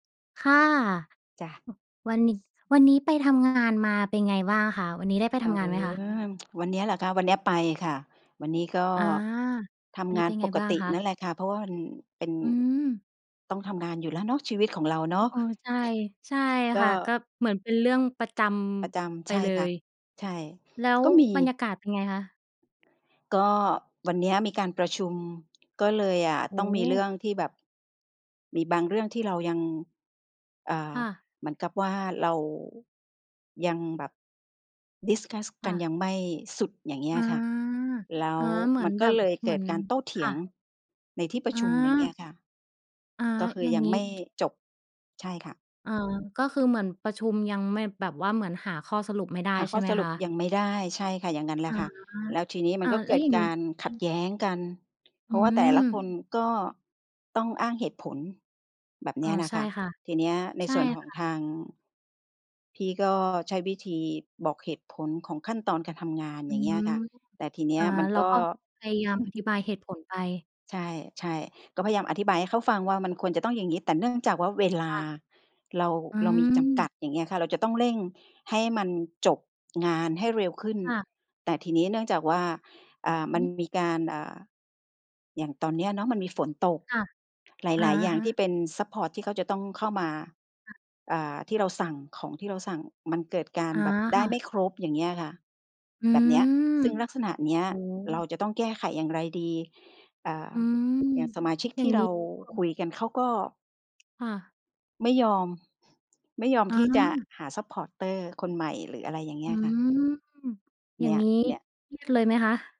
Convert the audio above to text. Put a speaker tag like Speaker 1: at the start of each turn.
Speaker 1: ค่ะ
Speaker 2: จ้ะ
Speaker 1: อ วันนี้ วันนี้ไปทำงานมาเป็นไงบ้างคะ? วันนี้ได้ไป
Speaker 2: เอ
Speaker 1: ท
Speaker 2: อ
Speaker 1: ำงานไหมคะ?
Speaker 2: วันเนี้ยเหรอคะ? วันเนี้ยไปค่ะ วันนี้ก็
Speaker 1: อา
Speaker 2: ท
Speaker 1: วัน
Speaker 2: ำง
Speaker 1: นี้
Speaker 2: า
Speaker 1: เ
Speaker 2: น
Speaker 1: ป็น
Speaker 2: ป
Speaker 1: ไง
Speaker 2: ก
Speaker 1: บ้าง
Speaker 2: ติ
Speaker 1: คะ?
Speaker 2: นั่นแหละค่ะ เพราะว่ามันเป็น
Speaker 1: อือ
Speaker 2: ต้องทำงานอยู่แล้วเนาะ ชีวิตของเราเน
Speaker 1: อ
Speaker 2: าะ
Speaker 1: เออ ใช่ ใช่
Speaker 2: ก
Speaker 1: ค
Speaker 2: ็
Speaker 1: ่ะ ก็เหมือนเป็นเรื่องประจ
Speaker 2: ประจ
Speaker 1: ำ ไ
Speaker 2: ำ
Speaker 1: ป
Speaker 2: ใช่
Speaker 1: เล
Speaker 2: ค่ะ
Speaker 1: ย
Speaker 2: ใช่
Speaker 1: แล้ว
Speaker 2: ก็มี
Speaker 1: บรรยากาศเป็นไงคะ?
Speaker 2: ก็วันเนี้ยมีการประชุมก็เลยอะ
Speaker 1: โอ
Speaker 2: ต้
Speaker 1: ้
Speaker 2: องม
Speaker 1: โ
Speaker 2: ีเรื
Speaker 1: ฮ
Speaker 2: ่องที่แบบ มีบางเรื่องที่เรายัง เอ่อ
Speaker 1: ค่ะ
Speaker 2: เหมือนกับว่าเรา ยังแบบ discuss
Speaker 1: ค
Speaker 2: กั
Speaker 1: ่
Speaker 2: น
Speaker 1: ะ
Speaker 2: ยังไม่สุด อย่างเงี้
Speaker 1: อ
Speaker 2: ย
Speaker 1: า
Speaker 2: ค่ะ แล้
Speaker 1: อ
Speaker 2: ว
Speaker 1: า เหมื
Speaker 2: ม
Speaker 1: อ
Speaker 2: ั
Speaker 1: น
Speaker 2: น
Speaker 1: แ
Speaker 2: ก็
Speaker 1: บบ
Speaker 2: เลย
Speaker 1: เ
Speaker 2: เก
Speaker 1: หมื
Speaker 2: ิ
Speaker 1: อ
Speaker 2: ด
Speaker 1: น
Speaker 2: การโต้เถ
Speaker 1: ค
Speaker 2: ี
Speaker 1: ่
Speaker 2: ยง
Speaker 1: ะ
Speaker 2: ในที่ประ
Speaker 1: อ
Speaker 2: ชุม อย่างเงี้
Speaker 1: า
Speaker 2: ยค่ะ
Speaker 1: อา
Speaker 2: ก็คือ
Speaker 1: อย่า
Speaker 2: ย
Speaker 1: ง
Speaker 2: ัง
Speaker 1: งี
Speaker 2: ไ
Speaker 1: ้
Speaker 2: ม่จบ ใช่ค่ะ
Speaker 1: อ๋อ ก็คือเหมือนประชุมยังไม่ แบบว่าเหมือนหาข้อสรุปไม่ได้
Speaker 2: หา
Speaker 1: ใ
Speaker 2: ข
Speaker 1: ช่
Speaker 2: ้อ
Speaker 1: ไหม
Speaker 2: สรุ
Speaker 1: ค
Speaker 2: ป
Speaker 1: ะ?
Speaker 2: ยังไม่ได้ ใช่ค่ะ อย่างงั้นแหล
Speaker 1: อ
Speaker 2: ะ
Speaker 1: า
Speaker 2: ค่ะ แล้วทีนี้มั
Speaker 1: อ
Speaker 2: น
Speaker 1: า
Speaker 2: ก็
Speaker 1: แ
Speaker 2: เ
Speaker 1: ล
Speaker 2: ก
Speaker 1: ้
Speaker 2: ิ
Speaker 1: ว
Speaker 2: ด
Speaker 1: อย่าง
Speaker 2: ก
Speaker 1: งี้
Speaker 2: ารขัด
Speaker 1: อ
Speaker 2: แย้งกัน เพ
Speaker 1: อ
Speaker 2: ร
Speaker 1: ื
Speaker 2: าะว่า แต่ละค
Speaker 1: ม
Speaker 2: นก็ต้องอ้างเหตุผล แบบเน
Speaker 1: อ
Speaker 2: ี
Speaker 1: า
Speaker 2: ้ยนะ
Speaker 1: ใช
Speaker 2: ค
Speaker 1: ่
Speaker 2: ะ
Speaker 1: ค่ะ
Speaker 2: ทีเนี้ยใน
Speaker 1: ใช่
Speaker 2: ส่วนขอ
Speaker 1: ค
Speaker 2: ง
Speaker 1: ่ะ
Speaker 2: ทาง พี่ก็ใช้วิธีบอกเหตุผลของขั้นตอนการทำงาน
Speaker 1: อื
Speaker 2: อย่างเงี้
Speaker 1: อ
Speaker 2: ยค่ะ แต่ทีเนี
Speaker 1: อ
Speaker 2: ้
Speaker 1: า
Speaker 2: ยมัน
Speaker 1: เร
Speaker 2: ก
Speaker 1: า
Speaker 2: ็
Speaker 1: ก็พยายามอธิบายเหตุผลไป
Speaker 2: ใช่ ๆ ก็พยายามอธิบายให้เขาฟังว่า มันควรจะต้องอย่างงี้ แต่เนื่องจากว่าเวล
Speaker 1: ค
Speaker 2: า
Speaker 1: ่ะ
Speaker 2: เรา
Speaker 1: อื
Speaker 2: เรามีจำก
Speaker 1: อ
Speaker 2: ัด อย่างเงี้ยค่ะ เราจะต้องเร่งให้มันจบงานให้เร็วขึ้น
Speaker 1: ค่ะ
Speaker 2: แต่ทีนี้เนื่องจากว่า อ่า ม
Speaker 1: อื
Speaker 2: ั
Speaker 1: อ
Speaker 2: น
Speaker 1: ฮึ
Speaker 2: มีการ อ่า อย่างตอนเนี้ยเนาะ มันมีฝนตก
Speaker 1: ค่ะ
Speaker 2: ห
Speaker 1: อะ
Speaker 2: ลาย ๆ อย่า
Speaker 1: ฮ
Speaker 2: ง
Speaker 1: ะ
Speaker 2: ที่เป็นซัปพอร์ตที่เขาจะต้องเข้ามา
Speaker 1: ค่ะ
Speaker 2: อ่า ที่เราสั่ง ของที่เราสั่ง มันเกิดการ
Speaker 1: อา
Speaker 2: แบบได
Speaker 1: ค
Speaker 2: ้
Speaker 1: ่ะ
Speaker 2: ไม่ครบ อย่างเงี้ยค่ะ
Speaker 1: อื
Speaker 2: แบบเนี้ย
Speaker 1: ม
Speaker 2: ซึ่งลักษณะเนี้ย
Speaker 1: โอ้โ
Speaker 2: เรา
Speaker 1: ฮ
Speaker 2: จะต้องแก้ไขอย่างไรดี? อ่า
Speaker 1: อื
Speaker 2: อย
Speaker 1: อ
Speaker 2: ่างสมาชิก
Speaker 1: อย
Speaker 2: ท
Speaker 1: ่า
Speaker 2: ี
Speaker 1: ง
Speaker 2: ่
Speaker 1: ง
Speaker 2: เร
Speaker 1: ี้
Speaker 2: า
Speaker 1: ค่
Speaker 2: ค
Speaker 1: ะ
Speaker 2: ุยกันเขาก็
Speaker 1: ค่ะ
Speaker 2: ไม่ยอม ไม่ยอม
Speaker 1: อ
Speaker 2: ที่จะ
Speaker 1: า
Speaker 2: หา supporter คนใหม่ หรืออะไรอย่างเง
Speaker 1: อ
Speaker 2: ี
Speaker 1: ื
Speaker 2: ้
Speaker 1: อ
Speaker 2: ยค่ะ
Speaker 1: อ
Speaker 2: เ
Speaker 1: ย
Speaker 2: น
Speaker 1: ่า
Speaker 2: ี
Speaker 1: ง
Speaker 2: ้ย
Speaker 1: งี้
Speaker 2: เนี่ย
Speaker 1: เครียดเลยไหมคะ?